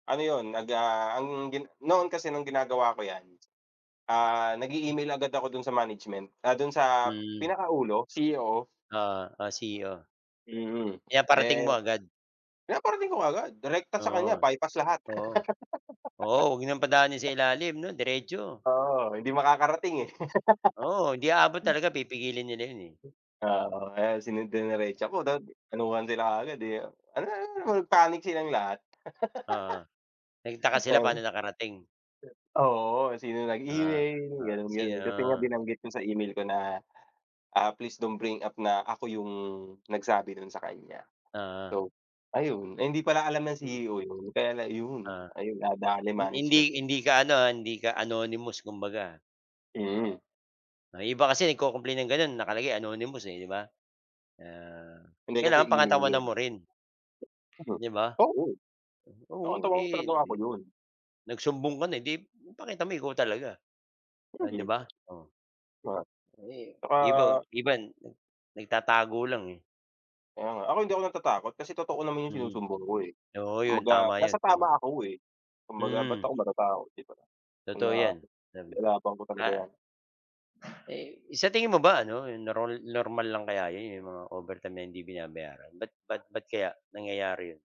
Ano 'yun, nag ah, ang gin noon kasi no'ng ginagawa ko 'yan, ah, nag-e email agad ako do'n sa management, ah, do'n sa Mm. pinakaulo, CEO. Oo, ah, CEO. Mm, Pinaparating eh, mo agad. pinaparating ko kaagad, direkta sa Oo, kaniya, by pass lahat. oo. Oo, huwag ng padaanin sa ilalim 'no, diretso. Oo, hindi makakarating, eh. Oo, hindi aabot talaga, pipigilin nila 'yon, eh. Oo, kaya sine diniretsa ko, dat anuhan sila agad, eh. panic silang lahat. Oo, nagtaka sila Um paano nakarating. Oo, sino Oo, nag-email oo, gano'n-gano'n, kasi nga sino? binanggit ko sa email ko na, ah, please don't bring up na ako 'yung nagsabi nun sa kaniya. Oo. So ayun, ay hindi pala alam ng Mm. CEO 'yun, kaya na ayun Ah, nadale hin management do'n. hindi ka ano, ah, hindi ka anonymous kumbaga. Mm. 'Yung iba kasi nag-co-complain ng gano'n, nakalagay anonymous ,eh, 'di ba? Kaya Hindi, kasi kailangan email pangatawanan 'yun. mo rin. 'Di ba? Oo. Oh, ang Oo, trabaho, eh, trabaho di 'yun. nagsumbong ka na, eh, 'di ipakita mo ikaw talaga, oh, Hmm. hindi ba, oh. Oo. Eh, iba Tsaka iban 'no, nagtatago lang, eh. Kaya nga. Ako hindi ako natatakot, kasi totoo naman 'yung Mm, sinusumbong ko, eh. oo, 'yun. Kumbaga Tama nasa 'yun, tama. tama ako, eh, kumbaga ba't Mm. ako matatakot, 'di ba. Kung Totoo na 'yan, dami ilalaban ko talaga ah 'yan. Eh, sa tingin mo ba ano, yun na rol normal lang kaya 'yon 'yong mga overtime na hindi binabayaran? Ba't ba't ba't kaya nangyayari 'yon?